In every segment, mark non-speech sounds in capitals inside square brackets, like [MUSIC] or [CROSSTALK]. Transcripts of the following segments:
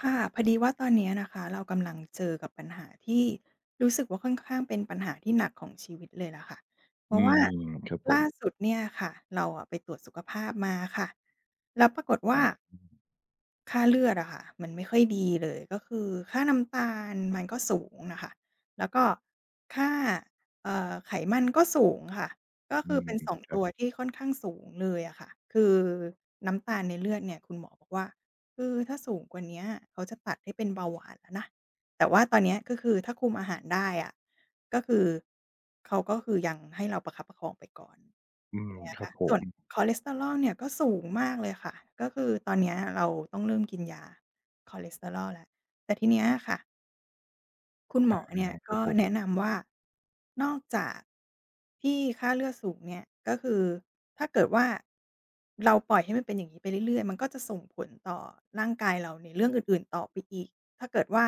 ค่ะ พอดีว่าตอนเนี้ยนะคะ เรากำลังเจอกับปัญหาที่รู้สึกว่า ค่อนข้างเป็นปัญหาที่หนักของชีวิตเลยล่ะค่ะ เพอรืาะว่าม ครับผล่าม สุดเนี่ยค่ะ เราอะไปตรวจสุขภาพมาค่ะ แล้วปรากฏวอ่๋า อ อืม ค่าเลือดอะค่ะ มันไม่ค่อยดีเลย ก็คือค่าน้ำตาลมัน ก็สูงน่ะค่ะ แล้วก็ค่า เอ่อ ไขมันก็สูงค่ะ ก็อคืือม เป็น 2 ๆ ครตัับ วที่ค่อนข้าง สูงเลยอะค่ะ คือน้ำตาลในเลือดเนี่ย คุณหมอบอกว่า คือถ้าสูงกว่าเนี้ย เขาจะตัดให้เป็นเบาหวานแล้วนะ แต่ว่าตอนเนี้ย ก็คือถ้าคุมอาหารได้อะ ก็คือ เขาก็คือยังให้เราประคับประคองไปก่อน เนี้ยล่ะค่ะ อืม ครับผม ส่วนคอเลสเทอรอลเนี่ยก็สูงมากเลยค่ะ ก็คือตอนนี้เราต้องเริ่มกินยาคอเลสเทอรอลแล้ว แต่ทีเนี้ยอะค่ะ คุณไหดม้อเนเีลยค่ยรับ คกรั็บผม แนะนำว่า นอกจากที่ค่าเลือดสูงเนี่ย ก็คือถ้าเกิดว่าเราปล่อยให้มันเป็นอย่างนี้ไปเรื่อย ๆ มันก็จะส่งผลต่อร่างกายเราในเรื่องอื่น ๆ ต่อไปอีก ถ้าเกิดว่า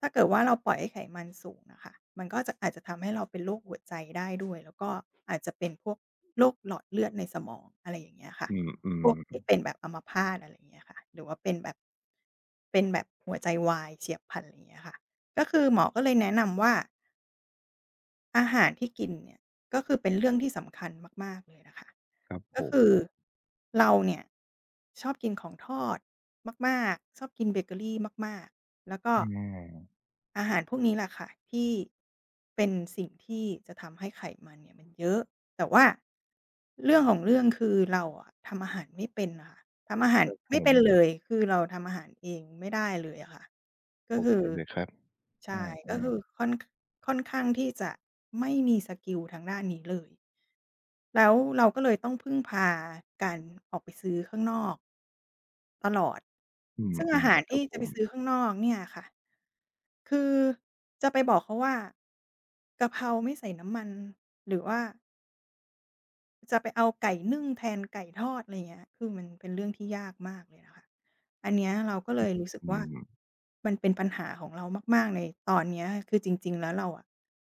ถ้าเกิดว่าเราปล่อยให้ไขมันสูงอะค่ะ มันก็จะ อาจจะทำให้เราเป็นโรคหัวใจได้ ด้วย แล้วก็อาจจะเป็นพวกโรคหลอดเลือดในสมอง อะไรอย่างเงี้ยอะค่ะ อืม อือพฮวกที่ึ เป็นแบบอัมพาต อะไรอย่างเงี้ยอะค่ะ หรือว่าเป็นแบบ เป็นแบบหัวใจวาย เฉียบพลัน อะไรอย่างเงี้ยค่ะ ก็คือหมอก็เลยแนะนำว่า อาหารที่กินเนี่ย ก็คือเป็นเรื่องที่สำคัญมาก ๆ เลยนะคะ ครับกผ็คือ ม เราเนี่ย ชอบกินของทอดมาก ๆ ชอบกินเบเกอรีมาก ๆ แล้วก็ อืม อาหารพวกนี้ล่ะค่ะ ที่ เป็นสิ่งที่จะทำให้ไขมันเนี่ยมันเยอะ แต่ว่าเรื่องของเรื่องคือเราอะ ทำอาหารไม่เป็นอะค่ะ ทำอาหารครับไผม่เป็นม เลย คือ เราทำอาหารเองไม่ได้เลยอะค่ะ ก็โอคเืคอ เลยครับ ใชอื่ ก็คอ ืๆ อค่อน- ค่อนข้างที่จะไม่มีสกิลทางด้านนี้เลย แล้วเราก็เลยต้องพึ่งพาการออกไปซื้อข้างนอก ตลอด อืซึ่งอาม หารๆ คทรีั่บจผะไปม ซื้อข้างนอกเนี่ยค่ะ คือจะไปบอกเขาว่า กะเพราไม่ใส่น้ำมัน หรือว่า จะไปเอาไก่นึ่งแทนไก่ทอด อะไรอย่างเงี้ย คือมันเป็นเรื่องที่ยากมากเลยนะคะ อันเนี้ยเราก็เลยรู้สึกอืว่า ม มันเป็นปัญหาของเรามาก ๆ ในตอนเนี้ย คือจริง ๆ แล้วเราอะ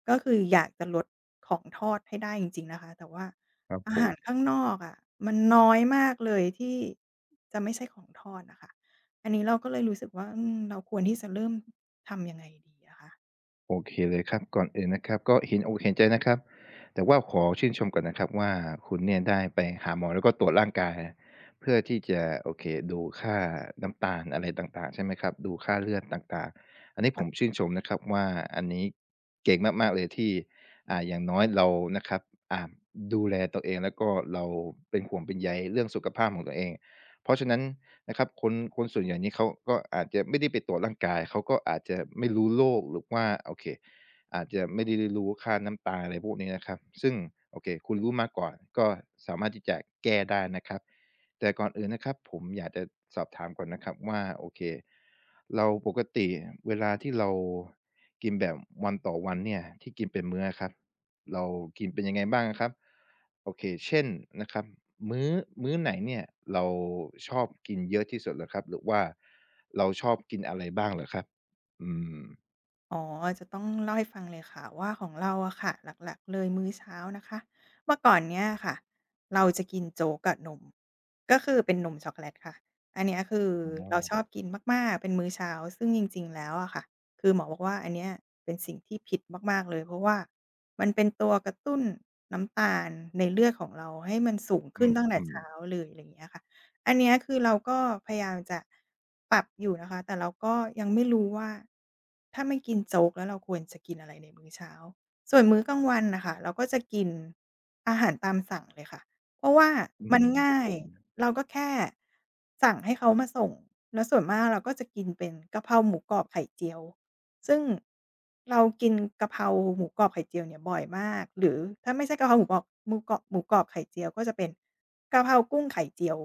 ก็คืออยากจะลดของทอดให้ได้จริง ๆ นะคะ แต่ว่าครับ อ[UNINTELLIGIBLE] าผหาม ร ข้างนอกอะ มันน้อยมากเลยที่จะไม่ใช่ของทอดอะค่ะ อันนี้เราก็เลยรู้สึกว่า อืม เราควรที่จะเริ่ม ทำยังไงดีอะคะ? โอเคเลยครับ ก่อนอื่นนะครับ ก็เห็นอกเห็นใจนะครับ แต่ว่าขอชื่นชมก่อนนะครับว่า คุณเนี่ยได้ไปหาหมอ แล้วก็ตรวจร่างกาย เพื่อที่จะ โอเค ดูค่าน้ำตาลอะไรต่าง ๆ ใช่ไหมครับ ดูค่าเลือดต่าง ๆ อันนี้ผ[UNINTELLIGIBLE] มชื่นชมนะครับ ว่าอันนี้เก่งมาก ๆ เลยที่ อ่า อย่างน้อยเรานะครับ อ่า ดูแลตัวเอง แล้วก็เราเป็นห่วงเป็นใยเรื่องสุขภาพของตัวเอง เพราะฉะนั้นนะครับ คน คนส่วนอย่างนี่ เขาก็อาจจะไม่ได้ไปตรวจร่างกาย เขาก็อาจจะไม่รู้โรค หรือว่า โอเค อาจจะไม่ได้รู้ค่าน้ำตาล อะไรพวกนี้นะครับ ซึ่งโอเค คุณรู้มาก่อน ก็สามารถที่จะแก้ได้นะครับ แต่ก่อนอื่นนะครับ ผมอยากจะสอบถามก่อนนะครับว่า โอเค เราปกติเวลาที่เรากินแบบวันต่อวันเนี่ย ที่กินเป็นมื้ออะครับ เรากินเป็นยังไงบ้างอะครับ? โอเค เช่น นะครับ มื้อ มื้อไหนเนี่ย เราชอบกินเยอะที่สุดเหรอครับ หรือว่าเราชอบกินอะไรบ้างเหรอครับ? อืม อ๋อ จะต้องเล่าให้ฟังเลยค่ะว่า ของเราอะค่ะ หลัก ๆ เลยมื้อเช้านะคะ เมื่อก่อนเนี้ยอะค่ะ เราจะกินโจ๊กกับนม ก็คือเป็นนมช็อกโกแลตค่ะ อันนี้คืออเราช๋อ อบกินมาก ๆ เป็นมื้อเช้า ซึ่งจริง ๆ แล้วอะค่ะ คือหมอบอกว่า อันเนี้ยเป็นสิ่งที่ผิดมาก ๆ เลย เพราะว่ามันเป็นตัวกระตุ้นน้ำตาลในเลือดของเราให้มันสูงขอึ้นตั้งแต่ืเชอ ้าๆ เลย อะไรอย่างนี้อะค่ะ อันเนี้ยคือเราก็พยายามจะปรับอยู่นะคะ แต่เราก็ยังไม่รู้ว่า ถ้าไม่กินโจ๊ก แล้วเราควรจะกินอะไรในมื้อเช้า ส่วนมื้อกลางวันน่ะค่ะ เราก็จะกินอาหารตามสั่งเลยค่ะ เพราะว่าอืมัม นงคร่ับาผย ม เราก็แค่สั่งให้เขามาส่ง แล้วส่วนมาก เราก็จะกินเป็นกะเพราหมูกรอบไข่เจียว ซึ่งเรากินกะเพราหมูกรอบไข่เจียวเนี่ยบ่อยมาก หรือถ้าไม่ใช่กะเพราหมูกรอบ หมูกรอบ หมูกรอบไข่เจียว ก็จะเป็นกะเพรากุ้งไข่เจียว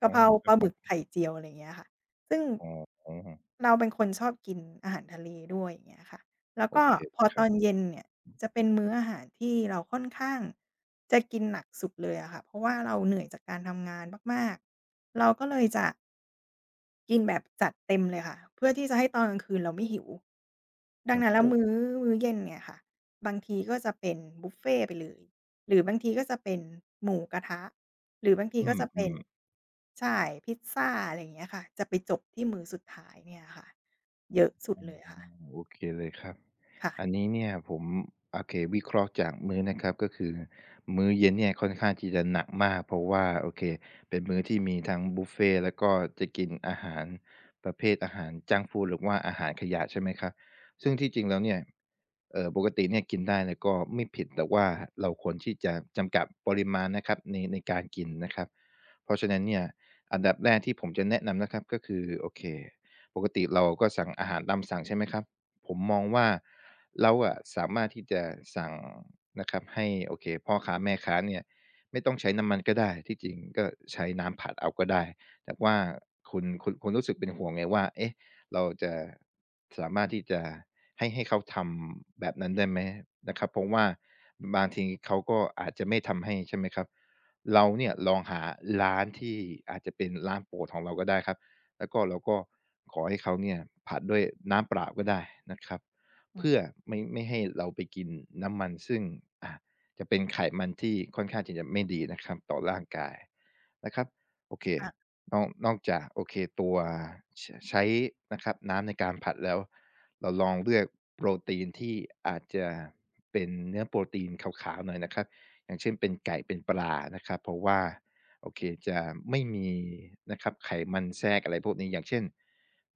กอะ๋อ เพราครปัลบาหผมึม กไข่เจียว อะไรอย่างเงี้ยค่ะ ซึ่ง อ๋อ เราเป็นคนชอบกินอาหารทะเลด้วย อย่างเงี้ยค่ะ แล้วโอก็เคเพลอยครตัอบ นเย็นเนี่ย จะเป็นมื้ออาหารที่เราค่อนข้างจะกินหนักสุดเลยอะค่ะ เพราะว่าเราเหนื่อยจากการทำงานมาก ๆ เราก็เลยจะ กินแบบจัดเต็มเลยค่ะ เพื่อที่จะให้ตอนกลางคืนเราไม่หิว ดังครนับั้นแลผ้วม มื้อ มื้อเย็นเนี่ยค่ะ บางทีก็จะเป็นบุฟเฟต์ไปเลย หรือบางทีก็จะเป็นหมูกระทะ หรือบางที[UNINTELLIGIBLE] อก็จะเปื็น อ ๆ ใช่ พิซซา อะไรอย่างเงี้ยค่ะ จะไปจบที่มือสุดท้ายเนี่ยอะค่ะ เยอะสุดอืเม ลยอะค่ะ โอเคเลยครับ ค่อะ ันนี้เนี่ย ผม โอเค วิเคราะห์จากมื้อนะครับ ก็คือมื้อเย็นเนี่ยค่อนข้างที่จะหนักมาก เพราะว่า โอเคเป็นมื้อที่มีทั้งบุฟเฟต์และก็จะกินอาหารประเภทอาหารจังก์ฟูด หรือว่าอาหารขยะ ใช่ไหม? ครับ ซึ่งที่จริงแล้วเนี่ย เอ่อ ปกติเนี่ยกินได้ แล้วก็ไม่ผิด แต่ว่าเราควรที่จะจำกัดปริมาณนะครับใน ในการกินนะครับ เพราะฉะนั้นเนี่ย อันดับแรกที่ผมจะแนะนำนะครับ ก็คือ โอเค ปกติเราก็สั่งอาหารตามสั่ง ใช่ไหมครับ? ผมมองว่า เราอะสามารถที่จะสั่งนะครับ ให้ โอเค พ่อค้าแม่ค้าเนี่ย ไม่ต้องใช้น้ำมันก็ได้ ที่จริงก็ใช้น้ำผัดเอาก็ได้ แต่ว่าคุณ คุณ คุณรู้สึกเป็นห่วงไงว่า เอ๊ะ! เราจะสามารถที่จะให้ ให้เขาทำแบบนั้นได้ไหม? นะครับ เพราะว่า [BREATH] บางทีเขาก็อาจจะไม่ทำให้ ใช่ไหมครับ? เราเนี่ยลองหาร้านที่อาจจะเป็นร้านโปรดของเราก็ได้ครับ แล้วก็เราก็ขอให้เขาเนี่ย ผัดด้วยน้ำเปล่าก็ได้นะครับ [UNINTELLIGIBLE] อืเพืม ่อไม่ ไม่ให้เราไปกินน้ำมันซึ่ง อ่า จะเป็นไขมันที่ค่อนข้างที่จะไม่ดีนะครับต่อร่างกายนะครับ โอเค ค่ะ นอก นอกจาก โอเค ตัว ช ใช้นะครับ น้ำในการผัดแล้ว เราลองเลือกโปรตีนที่อาจจะเป็นเนื้อโปรตีนขาว ๆ หน่อยนะครับ อย่างเช่น เป็นไก่เป็นปลานะครับ เพราะว่า โอเค จะไม่มีนะครับไขมันแทรก อะไรพวกนี้ อย่างเช่น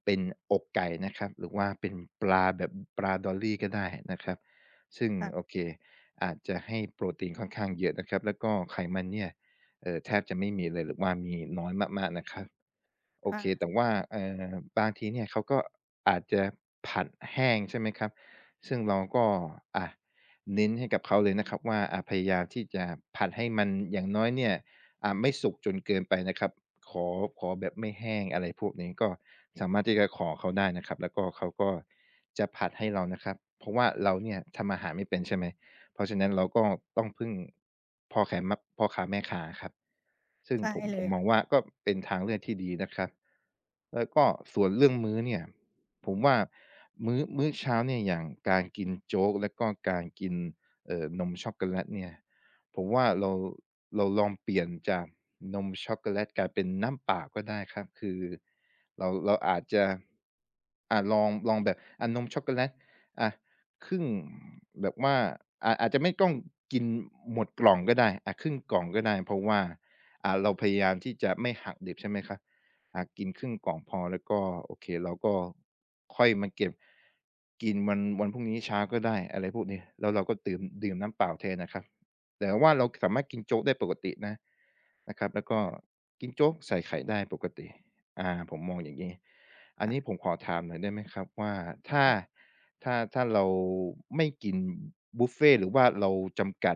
เป็นอกไก่นะครับ หรือว่าเป็นปลาแบบปลาดอลลี่ก็ได้นะครับ ซึ่ง ค่ะ โอเค อาจจะให้โปรตีนค่อนข้างเยอะนะครับ แล้วก็ไขมันเนี่ย เอ่อ แทบจะไม่มีเลยหรือว่ามีน้อยมาก ๆ นะครับ โอค่เค ะ แต่ว่า เอ่อ บางทีเนี่ยเขาก็อาจจะผัดแห้ง ใช่ไหมครับ? ซึ่งเราก็ อ่า เน้นให้กับเขาเลยนะครับว่า อ่า พยายามที่จะผัดให้มันอย่างน้อยเนี่ย อ่า ไม่สุกจนเกินไปนะครับ ขอ ขอแบบไม่แห้ง อะไรพวกนี้ ก็สามารถที่จะขอเขาได้นะครับ แล้วก็เขาก็จะผัดให้เรานะครับ เพราะว่าเราเนี่ยทำอาหารไม่เป็น ใช่ไหม เพราะฉะนั้นเราก็ต้องพึ่งพอแขนมะ พ่อค้าแม่ค้าครับ ซึ่งใช่ผม เลผมยมค่อะ งว่าก็เป็นทางเลือกที่ดีนะครับ แล้วก็ส่วนเรื่องมื้อเนี่ย ผมว่ามื้อ มื้อเช้าเนี่ยอย่างการกินโจ๊กแล้วก็การกิน เอ่อ นมช็อคโกแลตเนี่ย ผมว่าเรา เราลองเปลี่ยนจากนมช็อกโกแลต กลายเป็นน้ำเปล่าก็ได้ครับ คือเรา เราอาจจะ อะ ลอง ลองแบบ อ่า นมช็อกโกแลต อะ ครึ่ง แบบว่าอาจ อาจจะไม่ต้องกินหมดกล่องก็ได้ อะ ครึ่งกล่องก็ได้ เพราะว่า อ่า เราพยายามที่จะไม่หักดิบ ใช่ไหมครับ? อ่า กินครึ่งกล่องพอแล้วก็ โอเค เราก็ค่อยมาเก็บ กินวัน วันพรุ่งนี้เช้าก็ได้ อะไรพวกนี้ แล้วเราก็ดื่ม ดื่มน้ำเปล่าแทนนะครับ แต่ว่าเราสามารถกินโจ๊กได้ปกตินะ นะครับ แล้วกค็่ะ กินโจ๊กใส่ไข่ได้ปกติ อ่า ผมมองอย่างงี้ อัคน่นีะ ้ผมขอถามหน่อยได้ไหมครับ? ว่า ถ[UNINTELLIGIBLE] อะ ้า ค่ะ ถ้า-ถ้าเราไม่กินบุฟเฟต์หรือว่าเราจำกัด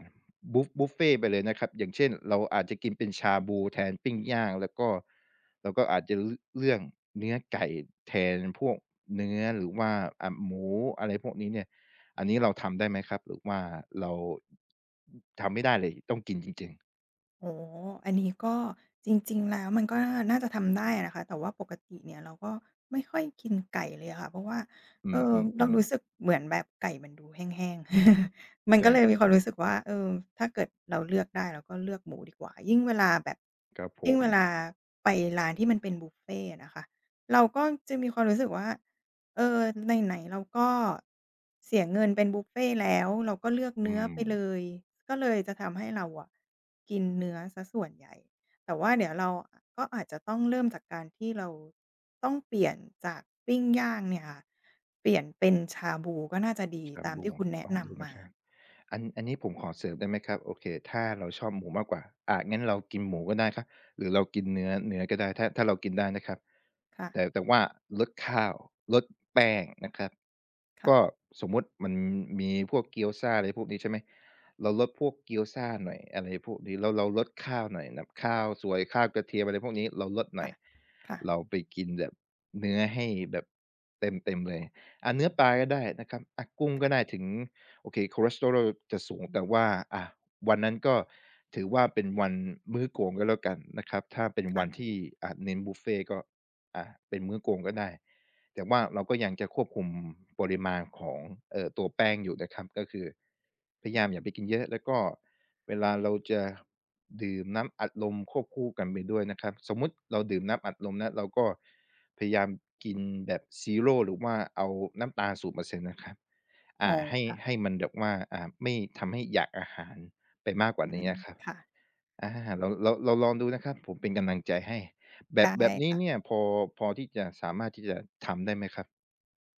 บุ บุฟเฟต์ไปเลยนะครับ อย่างเช่น เราอาจจะกินเป็นชาบูแทนปิ้งย่าง แล้วก็เราก็อาจจะเลือกเนื้อไก่แทนพวกเนื้อ หรือว่า อ่า หมู อะไรพวกนี้เนี่ย อันนี้เราทำได้ไหมครับ หรือว่าเรา ทำไม่ได้เลย ต้องกินจริง ๆ? อ๋อ อันนี้ก็ จริง ๆ แล้ว มันก็น่า น่าจะทำได้นะคะ แต่ว่าปกติเนี่ย เราก็ไม่ค่อยกินไก่เลยอะค่ะ เพราะว่า อืเออ เราอ รู้ๆ ๆ สึกเหมือนแบบไก่มันดูแห้ง ๆ [CHUCKLES] มันใชก่ ็เลยมีควจริามง รู้สึกว่า เออ ถ้าเกิดเราเลือกได้ เราก็เลือกหมูดีกว่า ยิ่งเวลาแบบ ครับผยิ่งเม วลาไปร้านที่มันเป็นบุฟเฟต์อะนะคะ เราก็จะมีความรู้สึกว่า เออ ไหน ๆ เราก็เสียเงินเป็นบุฟเฟต์แล้ว เราก็เลือกอเืนื้อไปเลม ย ก็เลยจะทำให้เราอะ กินเนื้อเสียส่วนใหญ่ แต่ว่าเดี๋ยวเรา ก็อาจจะต้องเริ่มจากการที่เราต้องเปลี่ยนจากปิ้งย่าง เนี่ยค่ะ เปลี่ยนเป็นชาบูก็น่าจะดีชาตามบทีู ่คุณแนะลองนดูำนมะา ครับ อัน อันนี้ผมขอเสริมได้ไหมครับ โอเค ถ้าเราชอบหมูมากกว่า อา งั้นเรากินหมูก็ได้ครับ หรือเรากินเนื้อ เนื้อก็ได้ ถ้า ถ้าเรากินได้นะครับ ค่แตะ ่ แต่ว่าลดข้าว ลดแป้ง นะครับ คก่ะ ็สมมุติ มันมีพวกเกี๊ยวซ่า อะไรพวกนี้ ใช่ไหม เราลดพวกเกี๊ยวซ่าหน่อย อะไรพวกนี้ แล้วเราลดข้าวหน่อย ข้าวสวย ข้าวกระเทียมอะไรพวกนี้ เราลดหนค่่อะ ย ค่ะ เราไปกินแบบเนื้อให้แบบ เต็ม ๆ เลย อะ เนื้อปลาก็ได้นะครับ อะ กุ้งคก็่ะ ได้ถึง โอเคคอเลสเทอรอลจะสูงแต่ว่า อา วันนั้นก็ถือว่าเป็นวันมื้อโกง ก็แล้วกันนะครับ ถ้าเป็นคว่ะ ันที่ อะ เน้นบุฟเฟต์ก็ อะ เป็นมื้อโกงก็ได้ แต่ว่าเราก็ยังจะควบคุมปริมาณของ เอ่อ ตัวแป้งอยู่นะครับ ก็คือ พยายามอย่าไปกินเยอะ แล้วก็เวลาเราจะดื่มน้ำอัดลมควบคู่กันไปด้วยนะครับ สมมุติเราดื่มน้ำอัดลมนะ เราก็พยายามกินแบบ Zero หรือว่าเอาน้ำตาล 0% นะครับ ออ๋า อ ให้ ค่ะ ให้มันแบบว่า อา ไม่ทำให้อยากอาหารไปมากกวอ่ืานม ี้ครับ ค่ะ อา เรา เรา เราลองดูนะครับ ผมเป็นกำลังใจให้ แบได้ บ แบบนี้ค่ะ เนี่ยพอ พอที่จะสามารถที่จะทำได้ไหมครับ?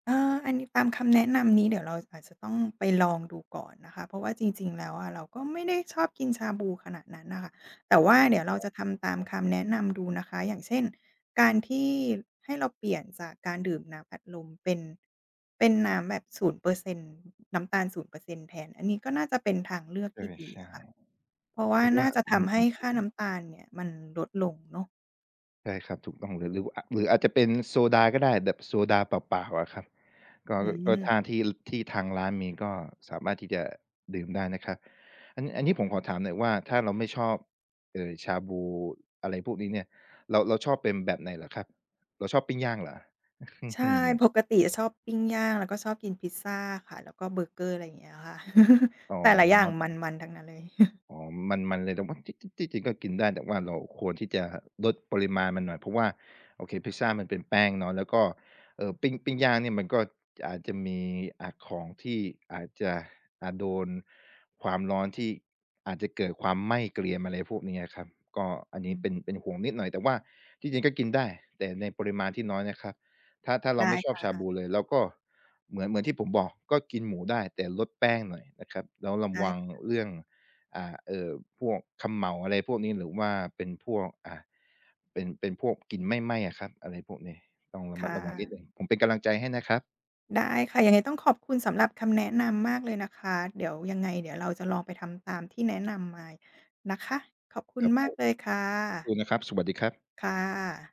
เอ่อ อันนี้ตามคำแนะนำนี้ เดี๋ยวเราอาจจะต้องไปลองดูก่อนนะคะ เพราะว่าจริง ๆ แล้วอะ เราก็ไม่ได้ชอบกินชาบูขนาดนั้นอะค่ะ แต่ว่าเดี๋ยวอเร้าอ จะทำตามอือ คำแนะนำดูนะคะ อย่างเช่น การที่ให้เราเปลี่ยนจากการดื่มน้ำอัดลม เป็น เป็นน้ำแบบ 0% น้ำตาล 0% แทน อันนี้ก็น่าจะเป็นทางเลือกเทอี่อ ดีใชอ่ ะค่ะ เพราะว่หารือวน่่า าจะอืทอฮึ ำใหอื้อ ค่าน้ำตาๆ ๆ ลเนี่ย มันลดลงเนาะ ใช่ครับ ถูกต้องเลย หรือว่า อ อาจจะเป็นโซดาก็ได้ แบบโซดาเปล่า ๆ อะครับ ก็ อืก็ม ทางที่ ที่ทางร้านมีก็สามารถที่จะดื่มได้นะครับ อัน อันนี้ผมขอถามหน่อยว่า ถ้าเราไม่ชอบ เอ่อ ชาบู อะไรพวกนี้เนี่ย เรา เราชอบเป็นแบบไหนเหรอครับ เราชอบปิ้งย่างเหรอ? ใช่ [CHUCKLES] ปกติอะชอบปิ้งย่าง แล้วก็ชอบกินพิซซาค่ะ แล้วก็เบอร์เกอร์ อะไรอย่างเงี้ยค่ะ อ๋อ [LAUGHS] แต่ละอย่าคงรับผมม ัน ๆ ทั้งนั้นเลย [CHUCKLES] อ๋อ มัน ๆ เลย [UNINTELLIGIBLE] จิ จริง ที่จริงก็กินได้ แต่ว่าเราควรที่จะลดปริมาณมันหน่อย เพราะว่า โอเค พิซซ่ามันเป็นแป้งเนาะ แล้วก็ เอ่อ ปิ้ง ปิ้งย่างเนี่ย มันก็อาจจะมี อะ ของที่อาจจะ อ่า โดนความร้อน ที่อาจจะเกิดความไหม้เกรียม อะไรพวกนี้อะครับ ก็อันอนี้ืเม ป็น เป็นห่วงนิดหน่อย แต่ว่าที่จริงก็กินได้ แต่ในปริมาณที่น้อยนะครับ ถ้า ถ้าเรไาดไม้่ชคอบ่ชาะ บูเลย เราก็ เหมือน เหมือนที่ผมบอกก็กินหมูได้ แต่ลดแป้งหน่อยนะครับ แล้วระไดว้ังค่ะ เรื่อง อ่า เอ่อ พวกเขม่า อะไรพวกนี้ หรือว่าเป็นพวก อ่า เป็น เป็นพวกกลิ่นไหม้ ๆ อะครับ อะไรพวกนี้ ต้องระคมั่ดระวังนะ ิดหนึ่ง ผมเป็นกำลังใจให้นะครับ ได้ค่ะ ยังไงต้องขอบคุณสำหรับคำแนะนำมากเลยนะคะ เดี๋ยวยังไง เดี๋ยวเราจะลองไปทำตามที่แนะนำมานะคะ ขอบคุคณรับมผากม เลยค่ะ [UNINTELLIGIBLE] นะครับ สวัสดีครับ ค่ะ